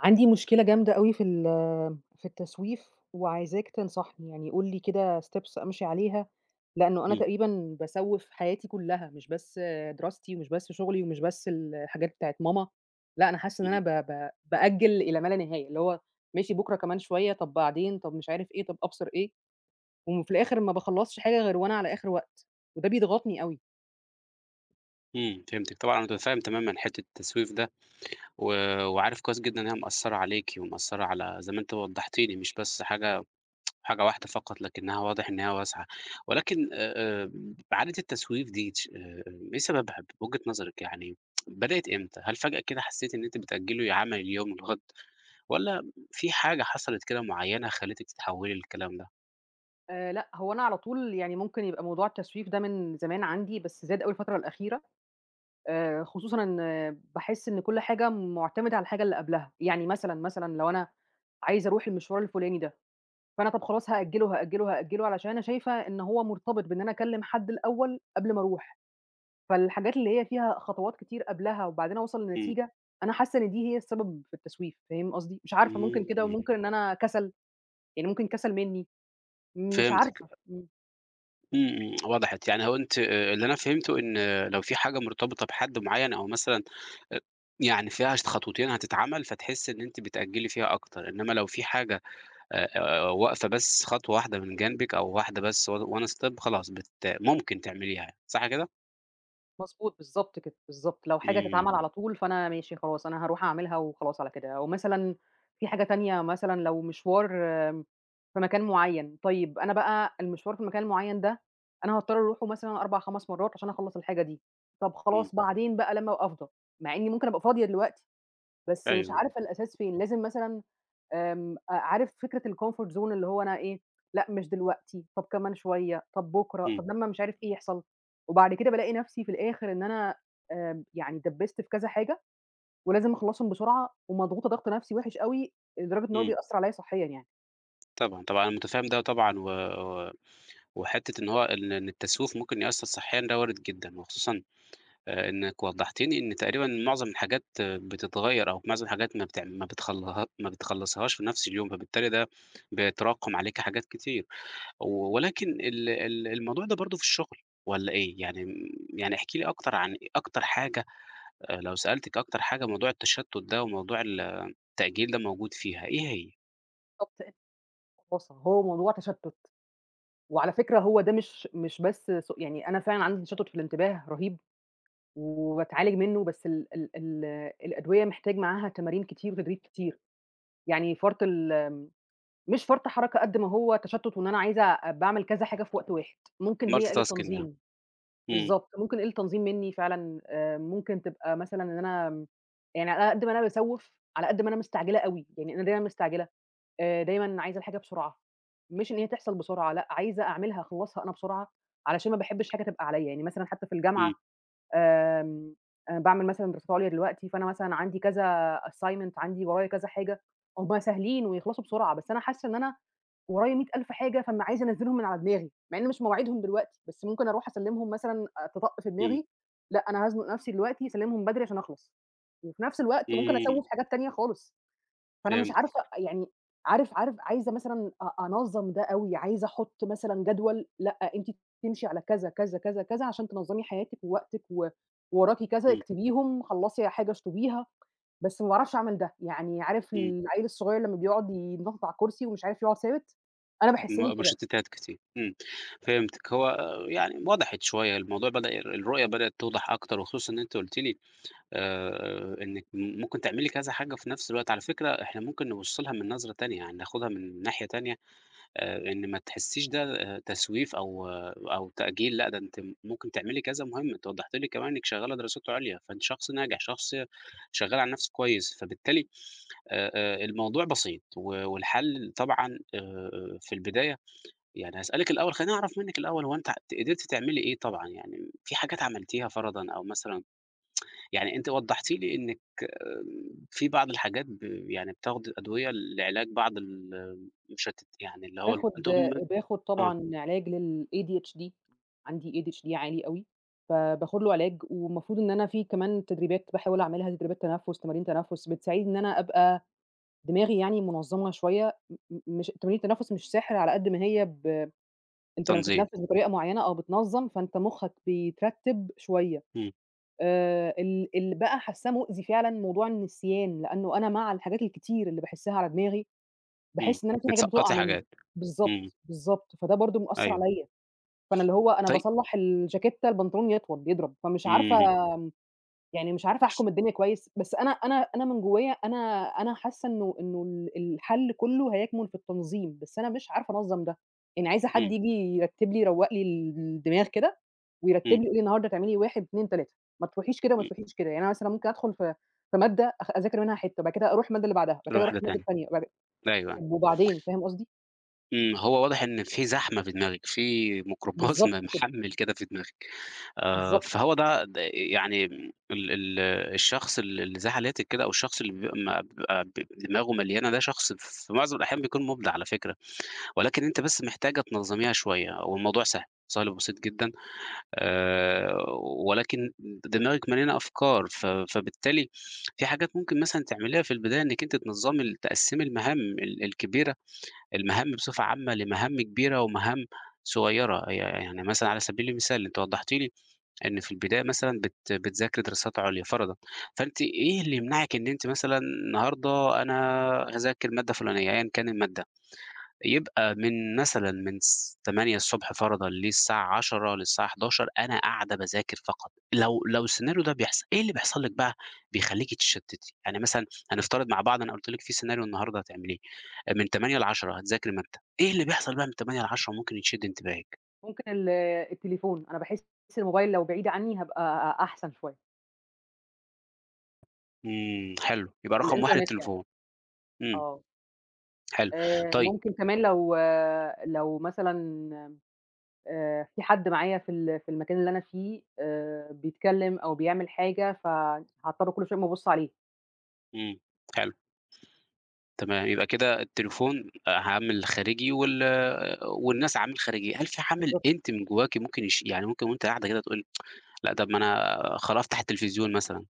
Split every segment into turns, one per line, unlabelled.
عندي مشكلة جامدة أوي في ال في التسويف وعايزاك تنصحني. يعني قُل لي كده steps أمشي عليها، لأنّه أنا
إمم.
تقريبًا باسوِّف حياتي كُلّها، مش بس دراستي ومش بس شُغلي ومش بس الحاجات بتاعة ماما، لأ أنا حاسّة إن
اهم.
أنا ب ب بأجِّل إلى ما لا نهاية، اللي هو ماشي بُكرة، كمان شوية، طَب بعدين، طَب مش عارف إيه، طَب أبْصر إيه وم في الآخِر ما باخلَّصش حاجة غير وأنا على آخِر وقت وده بيضغطني أوي.
إمم، فهمتِك. طبعًا أنا مُتفهِّم تمامًا حتّة التسويف ده و وعارف كويس جدًا إن هي مأثّرة عليكِ ومأثّرة على زي ما أنتِ وضّحتِ لي مش بس حاجة حاجة واحدة فقط، لكنّها واضح إن هي واسعة. ولكن آآ، آمم عادة التسويف دي تش آآ، آآ إيه سببها بوجهة نظرِك يعني، بدأت إمتى؟ هل فجأة كده حسّيتِ إن أنتِ بتأجّلي عمل اليوم للغد والّا في حاجة حصلت كده معيّنة خلِّتِك تتحوِّلي الكلام ده؟
آآ لأ، هو أنا على طول يعني ممكن يبقى موضوع التسويف ده من زمان عندي، بس زاد أوي الفترة الأخيرة، آآ خصوصًا إن باحِس إن كل حاجة مُعتمدة على الحاجة اللي قبلها. يعني مثلًا، مثلًا لو أنا عايزة أروح المشوار الفلُاني ده، فأنا طَب خلاص هأجِّله وهأجِّله وهأجِّله علشان أنا شايفة إن هو مرتبط بإن أنا أكلِّم حد الأول قبل ما أروح، فالحاجات اللي هي فيها خطوات كتير قبلها وبعدين أوصَل
إمم.
لنتيجة، أنا حاسّة إن دي هي السبب في التسويف، فاهم قصدي؟ مش عارفة ممكن كده
إمم.
وممكن إن أنا كَسَل، يعني ممكن كَسَل منّي، مش
فهمتِك ب
عارفة. إمم.
إمم، إمم، وضحت يعني هو أنتِ آآ، اللي أنا فهمته إن لو في حاجة مرتبطة بحد معيّن أو مثلًا أ يعني فيها ش خطوتين هتتعمل، فتحسي إن أنتِ بتأجلي فيها أكتر، إنما لو في حاجة آآ، واقفة بس خطوة واحدة من جنبِك أو واحدة بس on one step خلاص، بت ممكن تعمليها، صح كده؟
مضبوط بالضبط كده، بالضبط، لو حاجة تتعمل
إمم.
على طول فأنا ماشي خلاص أنا هاروح أعملها وخلاص على كده، أو مثلًا في حاجة تانية مثلًا لو مشوار في مكان معيّن، طيب أنا بقى المشوار في المكان المعيّن ده أنا هاضطر أروحه مثلًا 4 5 مرات عشان أخلّص الحاجة دي، طَب
إمم.
خلاص بعدين بقى لمّا ابقى أفضى، مع إني ممكن أبقى فاضية دلوقتي، بس مش
أيوه.
عارفة الأساس فين لازم مثلًا، آمم، عارف فكرة الcomfort zone اللي هو أنا إيه لأ، مش دلوقتي، طب كمان شوية، طَب بُكرة،
إمم.
طَب لمّا مش عارف إيه يحصل، وبعد كده بالاقي نَفسي في الآخر إن أنا آآ، يعني ادّبست في كذا حاجة ولازم أخلّصهم بسرعة ومضغوطة ضغط نَفسي وحش أوي لدرجة إن هو
إمم.
بيأثر عليّا صحيًا يعني.
طبعًا طبعًا، أنا متفهم ده طبعًا، و و وحتّة إن هو إن إن التسويف ممكن يأثر صحيًا ده وارد جدًا، وخصوصًا آآ، إنكِ وضحتِ لي إن تقريبًا معظم الحاجات بتتغيّر أو معظم الحاجات ما بتعم ما بتخلها ما بتخلصيهاش في نَفس اليوم، فبالتالي ده بيتراكم عليكِ حاجات كتير. ولكن ال ال الموضوع ده برضو في الشغل والّا إيه؟ يعني م يعني احكي لي أكتر عن أكتر حاجة، لو سألتِك أكتر حاجة موضوع التشتت ده وموضوع التأجيل ده موجود فيها، إيه هي؟
[unintelligible] بُص، هو موضوع تشتُّت. وعلى فكرة هو ده مش مش بس سوء يعني أنا فعلًا عندي تشتُّت في الإنتباه رهيب وباتعالج منّه، بس ال ال ال الأدوية محتاج معاها تمارين كتير وتدريب كتير. يعني فَرْط الم مش فَرْط حركة قد ما هو تشتُّت وإن أنا عايزة أ باعمل كذا حاجة في وقت واحد، ممكن هي
Multi
قِلّة
tasking يعني.
تنظيم،
إمم.
بالضبط، ممكن قِلّة تنظيم منّي فعلًا، آآ ممكن تبقى مثلًا إن أنا م يعني على أنا قد ما أنا باسَوّف، على قد ما أنا مستعجلة أوي. يعني أنا دايمَا مستعجلة، آآ دايمًا عايزة الحاجة بسرعة مش إن هي تحصل بسرعة لأ، عايزة أعملها، أخلّصها أنا بسرعة، علشان ما باحبّش حاجة تبقى عليّا. يعني مثلًا حتّى في الجامعة
إمم.
آمم أنا باعمل مثلًا دراسات عُليا دلوقتي، فأنا مثلًا عندي كذا assignment عندي ورايا كذا حاجة، هم سهلين ويخلصوا بسرعة، بس أنا حاسّة إن أنا ورايا مِيَّة ألف حاجة، فما عايزة أنَزّلهم من على دماغي، مع إن مش مواعيدهم دلوقتي، بس ممكن أروح أسلِّمهم مثلًا آآ تِطَق في
إمم.
دماغي، لأ أنا هازنُق نفسي دلوقتي أسلِّمهم بدري عشان أخلص، وفي نفس الوقت ممكن أسَوّف
إمم.
حاجات تانية خالص. فأنا مش عارفة،
فهمتِك.
أ يعني عارف عارف عايزة مثلًا أ أنَظّم ده أوي، عايزة أحُط مثلًا جدول، لأ أنتِ تمشي على كذا، كذا، كذا، كذا عشان تنَظّمي حياتِك ووقتِك و وراكِ كذا
إمم.
اكتبيهم، خلّصي حاجة اشطُبيها، بس ما باعرفش أعمل ده. يعني عارف
إمم.
العَيّل الصغير لمّا بيقعُد بيتنطّط على الكرسي ومش عارف يقعُد ثابت؟ أنا باحسِّني
م
كده.
مُشتّتات كتير، إمم، فهمتِك. هو يعني وضحت شوية، الموضوع بدأ الر الرؤية بدأت توضح أكتر وخصوصًا إن أنتِ قُلتِ لي آآ، إنِّك م ممكن تعملي كذا حاجة في نَفْس الوقت، على فكرة إحنا ممكن نبُص لها من نظرة تانية، يعني ناخُدها من ناحية تانية آآ إن ما تحسّيش ده تسويف أو أو تأجيل لأ، ده أنتِ ممكن تعملي كذا مهمة. أنتِ وضّحتِ لي كمان إنِّك شغّالة دراسات عُليا، فأنتِ شخص ناجح، شخص شغّال على نَفْسه كويس، فبالتالي آآ، آآ الموضوع بسيط و والحل طبعًا آآ، آآ في البداية يعني هاسألِك الأول خلّيني أعرف منِّك الأول، هو أنتِ ت قدرتِ تعمِلي إيه طبعًا؟ يعني في حاجات عملتيها فرَضًا أو مثلًا يعني أنتِ وضّحتِ لي إنِّك آمم في بعض الحاجات ب يعني بتاخدي أدوية لعلاج بعض ال المُشتت يعني اللي هو
باخُد
[unintelligible]
باخُد
آه.
طبعًا علاج للADHD، عندي ADHD عالي أوي، فباخُد له علاج. والمفروض إن أنا في كمان تدريبات باحاول أعملها تدريبات تنفس، تمارين تنفس بتساعِدني إن أنا أبقى دماغي يعني مُنظَّمة شوية م م مش تمارين التنفس مش سِحر على قد ما هي ب أنت لمّا
تنظيم.
تتنفس بطريقة معيّنة أو بتنَظّم، فأنت مُخّك بيترتِّب شوية.
إمم.
آآ، ال اللي بقى حاسّاه مؤذي فعلًا، موضوع النسيان، لأنّه أنا مع الحاجات الكتير اللي باحِسّها على دماغي،
إمم،
باحِس إن أنا في حاجات بتُقع
بتسَقّطي
منّي،
حاجات، إمم.
بالضبط، بالضبط. فده برضه مأثّر
أيوه.
عليّا. فأنا اللي هو أنا
طي
باصَلّح الجاكيتّة، البنطلون يطول بيضرب، فمش عارفة
اهم.
م يعني مش عارفة أحكُم الدنيا كويس، بس أنا أنا أنا من جوّايا أنا أنا حاسّة إنه إنه ال الحَل كُلّه هيَكمُن في التنظيم، بس أنا مش عارفة أنظَّم ده. يعني عايزة حد
إمم.
ييجي يرتِّب لي يروّق لي ال الدماغ كده ويرتِّب
إمم.
لي يقول لي النهاردة تعملي 1، 2، 3، ما تروحيش كده وما
إمم.
تروحيش كده. يعني أنا مثلًا ممكن أدخُل في في مادة أخ أذاكر منها حتّة، بعد كده أروح المادة اللي بعدها، بعد كده أروح
لواحدة
المادة
تانية.
التانية، بعد
أيوه، أيوه.
طَب وبعدين، فاهم قصدي؟
إمم، ما هو واضح إن في زحمة في دماغِك، في ميكروباص م
بالضبط كده.
محَمِّل كده في دماغِك. آآ
بالضبط.
فهو ده د يعني م ال ال الشخص اللي اللي زي حالاتِك كده أو الشخص اللي بي ما بيبقى ب دماغه مليانة ده، شخص في معظم الأحيان بيكون مُبدع على فكرة، ولكن أنتِ بس محتاجة تنظّميها شوية والموضوع سهل، سهل وبسيط جدًا، آآ ولكن دماغِك مليانة أفكار، ف فبالتالي في حاجات ممكن مثلًا تعمليها في البداية إنِّك أنتِ تنظّمي ال تقسّمي المهام ال الكبيرة، المهام بصفة عامة لمهام كبيرة ومهام صغيرة. ي يعني مثلًا على سبيل المثال، أنتِ وضّحتِ لي إن في البداية مثلًا بت بتذاكري دراسات عُليا فَرَضًا، فأنتِ إيه اللي يمنعِك إن أنتِ مثلًا النهاردة أنا هاذاكر مادة فُلانية، أيًا كان المادة. يبقى من مثلًا من س 08:00 ص فَرَضًا للساعة 10:00 للساعة 11:00، أنا قاعدة باذاكر فقط. لو لو السيناريو ده بيحصل، إيه اللي بيحصل لِك بقى بيخلّيكِ تتشتِّتي؟ يعني مثلًا هنفترض مع بعض أنا قُلت لِك في سيناريو النهارده هتعمليه من 08:00 ل10:00 هتذاكري مادّة، إيه اللي بيحصل بقى من 08:00 ل10:00 ممكن يشِد انتباهِك؟
ممكن ال آآ التليفون، أنا باحس الموبايل لو بعيد عني هابقى أحسن شوية.
إمم، حلو، يبقى رقم 1
الإنترنت يعني.
التليفون، إمم.
آه.
حلو،
آآ
طيب.
ممكن كمان لو لو مثلًا آآ في حد معايا في ال في المكان اللي أنا فيه آآ بيتكلّم أو بيعمل حاجة، ف هاضطر كلّ شوية أقوم أبُصّ عليه.
إمم حلو. تمام، يبقى كده التليفون عامل خارجي، وال والناس عامل خارجي، هل في عامل
بالضبط.
أنتِ من جواكِ ممكن يش يعني ممكن وأنتِ قاعدة كده تقولي لأ طب ما أنا خلا هافتح التلفزيون مثلًا،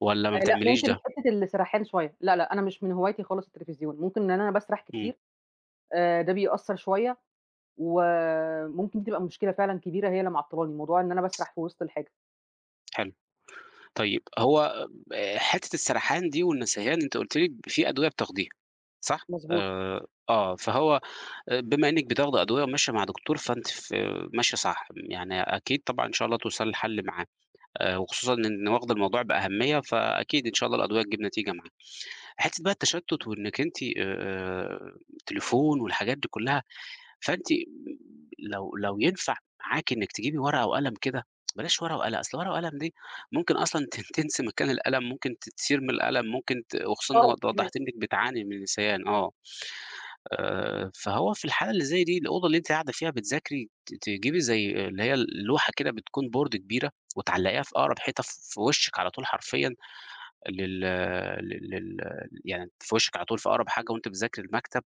والّا ما
آآ لأ،
بتعمليش
ممكن
ده؟
حتّة السَرَحان شوية، لا، لأ، أنا مش من هوايتي خالص التليفزيون، ممكن إن أنا باسرح
إمم.
كتير، آآ ده بيأثّر شوية، وممكن تبقى مشكلة فعلًا كبيرة هي اللي معطّلاني، موضوع إن أنا باسرح في وِسط الحاجة.
حلو، طيب هو ب حتّة السرحان دي والنسيان أنتِ قُلتِ لي في أدوية بتاخديها، صح؟
مضبوط.
آآ آه فهو بما إنك بتاخدي أدوية وماشية مع دكتور فأنتِ ف ماشية صح، يعني أكيد طبعًا إن شاء الله توصلي لحل معاه، وخصوصًا إن واخدة الموضوع بأهمية فأكيد إن شاء الله الأدوية تجيب نتيجة معاكِ، حتّة بَقى التشتُّت وإنِك أنتِ آآ تليفون والحاجات دي كلّها، فأنتِ لو لو ينفع معاكِ إنِك تجيبي ورقة وقلم كده، بلاش ورقة وقلم أصل ورقة وقلم دي ممكن أصلًا تن تنسي مكان القلم ممكن ت ترمي القلم، ممكن ت وخصوصًا إن
آه
وض
فاهماك.
وضّحتي لي إنِك بتعاني من نسيان آه، آآ فهو في الحالة اللي زي دي الأوضة اللي أنتِ قاعدة فيها بتذاكري ت تجيبي زي اللي هي ال لوحة كده بتكون Board كبيرة، وتعلّقيها في أقرب حيطة في وشِك على طول حرفيًا، لل لل لل يعني في وشِك على طول في أقرب حاجة وأنتِ بتذاكري المكتب،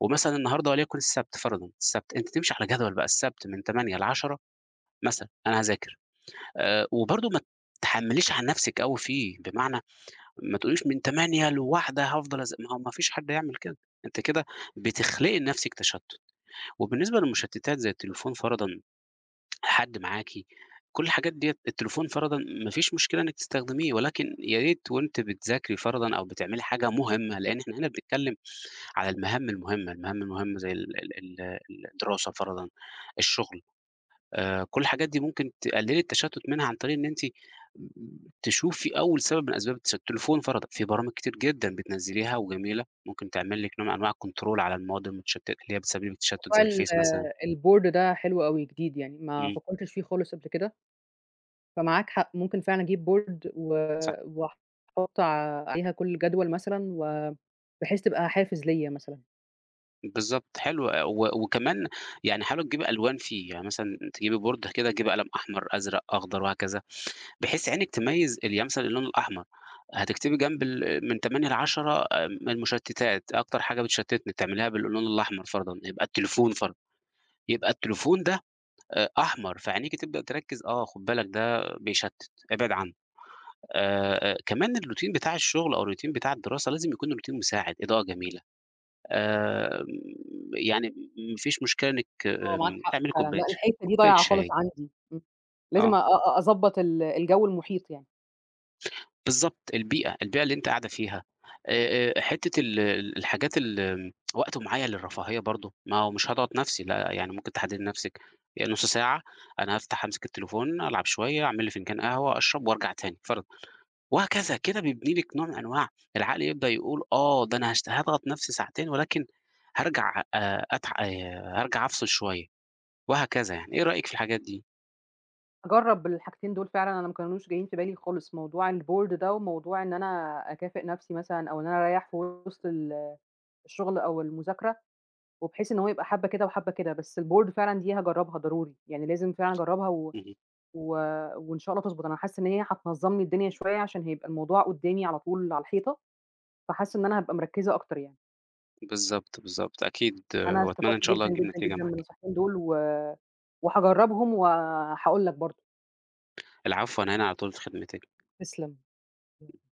ومثلًا النهارده وليكن السبت فَرَضًا السبت، أنتِ تمشي على جدول بَقى السبت من 08:00 ل10:00، مثلًا أنا هاذاكر، آآ وبرضه ما تحمّليش على نفْسِك أوي فيه، بمعنى ما تقوليش من 08:00 ل13:00 هافضل أذ ما هو ما فيش حد هيعمل كده، أنتِ كده بتخلقي لنفسِك تشتُّت، وبالنسبة للمشتّتات زي التليفون فَرَضًا، حد معاكِ كلّ الحاجات ديّة التليفون فَرَضًا ما فيش مشكلة إنِك تستخدميه، ولكن يا ريت وأنتِ بتذاكري فَرَضًا أو بتعملي حاجة مهمّة، لإن إحنا هنا بنتكلّم على المهام المهمّة، المهام المهمّة زي ال ال ال الدراسة فَرَضًا، الشغل، آآ كلّ الحاجات دي ممكن تقلّلي التشتُّت منها عن طريق إن أنتِ م تشوفي أول سبب من أسباب التشتُّت، التليفون فَرَضًا فيه برامج كتير جدًا بتنزّليها وجميلة، ممكن تعمل لِك نوع من أنواع الControl على المواد المشتتة، اللي هي بتسبّب لِك التشتت
موضوع
زي
ال
الفيس مثلًا.
الboard ده حلو أوي، جديد يعني، ما
إمم.
فكّرتش فيه خالص قبل كده فمعاك حق ممكن فعلًا أجيب board، و
صح.
واحط عليها كلّ الجدول مثلًا و بحيث تبقى حافز ليّا مثلًا.
بالضبط حلو و وكمان يعني حاولي تجيبي ألوان فيه، يعني مثلًا تجيبي board كده، تجيبي قلم أحمر، أزرق، أخضر وهكذا، بحيث عينِك تميِّز ال يعني مثلًا اللون الأحمر، هتكتبي جنب ال من 8 ل10 آآ، من المُشتِّتات، أكتر حاجة بتشتِّتني بتعمليها باللون الأحمر فرَضًا، يبقى التليفون فرَضًا، يبقى التليفون ده أ أحمر فعينيكِ تبدأ تركّز، آه خُد بالك ده بيشتِّت إبعِد عنه آآ، آآ، كمان الروتين بتاع الشغل أو الروتين بتاع الدراسة لازم يكون الروتين مساعد، إضاءة جميلة، آمم يعني م ما فيش مشكلة إنِك
آه معاك
آمم
حق
تعملي
فعلًا،
كوباية
لا
ش
الحِتّة دي
كوباية
ضايعة خالص
شاي.
عندي، م لازم أ
آه.
أ أضبّط ال الجو المحيط يعني.
بالضبط، البيئة، البيئة اللي أنتِ قاعدة فيها آآ، آآ، حِتّة ال ال الحاجات ال وقت معين للرفاهية برضه، ما هو مش هاضغَط نَفسي، لا يعني ممكن تحدّدي لنَفسِك يعني نُص ساعة أنا هافتَح، هامسِك التليفون، ألعب شوية، أعمل لي فنجان قهوة، أشرَب وأرجَع تاني فرضًا وهكذا، كده بيبني لِك نوع من أنواع العقل يبدأ يقول، آه ده أنا هاشت هاضغَط نَفسي ساعتين ولكن هارجَع آآ أتع آآ، هارجَع أفصِل شوية وهكذا يعني، إيه رأيِك في الحاجات دي؟
أجرّب الحاجتين دول فعلًا، أنا ما كانوش جايّين في بالي خالص، موضوع الboard ده وموضوع إن أنا أكافئ نَفسي مثلًا أو إن أنا أريّح في وِسط ال الشغل أو المذاكرة وبحيث إن هو يبقى حبّة كده وحبّة كده، بس الboard فعلًا دي هاجرّبها ضروري، يعني لازم فعلًا أجرّبها و
اهم.
و وإن شاء الله تضبُط، أنا حاسّة إن هي هتنظّم لي الدنيا شوية عشان هيبقى الموضوع قُدّامي على طول على الحيطة، فحاسّة إن أنا هابقى مركِّزة أكتر يعني.
بالضبط، بالضبط، أكيد،
أنا
وأتمنّى إن
استفدت
شاء الله
جدًا،
تجيب
جدًا،
نتيجة
جدًا من
معاكِ.
النصيحتين دول و وهاجرّبهم وهاقول لك برضه.
العفو، أنا هنا على طول في خدمتِك.
تسلم.